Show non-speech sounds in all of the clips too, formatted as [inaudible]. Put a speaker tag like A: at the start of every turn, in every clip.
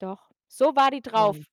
A: Doch, so war die drauf.
B: Wow.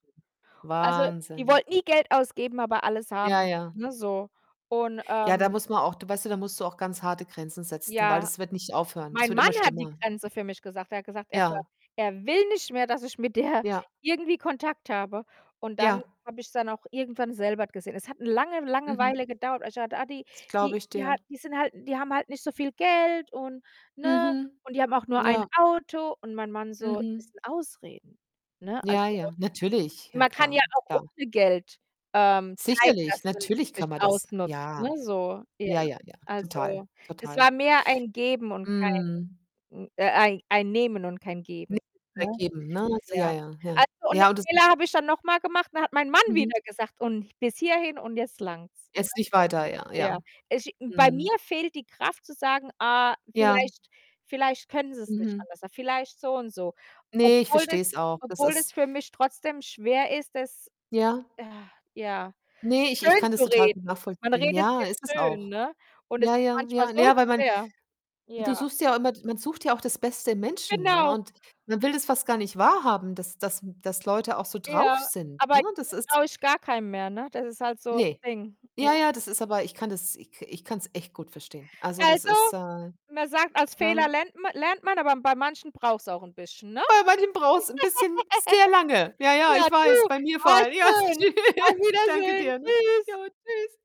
A: Also, die
B: Wahnsinn.
A: wollte nie Geld ausgeben, aber alles
B: Ja,
A: haben,
B: ja.
A: ne, so. Und,
B: Ja, da
A: ähm
B: muss man auch du weißt du, da musst du auch ganz harte Grenzen setzen, weil
A: Ja,
B: das wird nicht aufhören. Das
A: mein
B: wird
A: Mann
B: immer
A: hat die
B: schlimmer.
A: Grenze für mich gesagt. Er hat gesagt, er ver
B: Ja.
A: er will nicht mehr, dass ich mit der
B: Ja.
A: irgendwie Kontakt habe und
B: Ja.
A: dann habe ich's dann auch irgendwann selber gesehen. Es hat 'ne lange, lange
B: Mhm.
A: Weile gedauert [unintelligible] Ah, die
B: Das
A: die
B: glaube ich
A: die
B: dir.
A: hat die sind halt die haben halt nicht so viel Geld und, ne,
B: Mhm.
A: und die haben auch nur 1
B: Ja.
A: Auto und mein Mann so: „Das
B: Mhm.
A: sind Ausreden, ne?“
B: Ja,
A: Also,
B: ja, natürlich. Ja
A: man kann
B: klar,
A: ja auch
B: klar.
A: ohne Geld, ähm, zeigen,
B: Sicherlich,
A: dass man sich
B: natürlich kann
A: nicht
B: man das.
A: ausnutzt, ne,
B: Ja.
A: so. Ja,
B: Ja, ja, ja, total,
A: also, es
B: total.
A: war mehr ein Geben und kein
B: Mhm.
A: n äh, ein ein Nehmen und kein
B: Nehmen
A: Geben,
B: und
A: ne?
B: kein geben, ne? So ja,
A: Ja.
B: ja, ja.
A: Also, und den
B: Ja, und das
A: Fehler
B: ist
A: habe ich dann nochmal gemacht und da hat mein Mann
B: Mhm.
A: wieder gesagt und: „Bis hierhin und jetzt langt's.“
B: Jetzt nicht weiter.
A: [unintelligible]
B: Ja, ja.
A: Ja, es bei
B: Mhm.
A: mir fehlt die Kraft zu sagen: „Ah,
B: Ja.
A: vielleicht vielleicht können sie's nicht
B: Mhm.
A: anders. Vielleicht so und so.“
B: Ne, ich
A: Obwohl es
B: verstehe es auch. Das
A: obwohl es
B: ist
A: für mich trotzdem schwer ist, das,
B: Ja.
A: ah, ja
B: Ne, ich ich kann das total gut
A: schönzureden. Man
B: nachvollziehen.
A: redet's
B: Ja,
A: sich
B: ist es
A: schön,
B: auch.
A: ne? Und es
B: Ja,
A: ist
B: ja,
A: manchmal
B: ja. Na
A: so
B: ja, weil man
A: schwer.
B: du
A: Ja.
B: suchst ja immer d man sucht ja auch das Beste im Menschen, ne,
A: Genau.
B: und man will das fast gar nicht wahrhaben, dass dass dass Leute auch so drauf
A: Ja,
B: sind,
A: aber
B: ne? Das
A: jetzt
B: ist
A: traue ich gar keinem mehr, ne? Das ist halt so das
B: Ne.
A: Ding. Ja.
B: Ja, ja, das ist aber ich kann das ich ka ich kann's echt gut verstehen. Also, das ist
A: Also,
B: äh,
A: man sagt, aus Fehlern
B: ne?
A: lernt ma lernt man, aber bei manchen braucht's auch 'n bisschen, ne?
B: Bei manchen braucht's 'n bisschen
A: [giggles]
B: sehr lange. Ja, ja,
A: Ja,
B: ich weiß,
A: du.
B: bei mir vor
A: Ah,
B: allem. Ja,
A: schön. Auf
B: tschüss. Danke
A: Wiedersehen.
B: dir, ne?
A: Tschüss.
B: Jo, tschüss.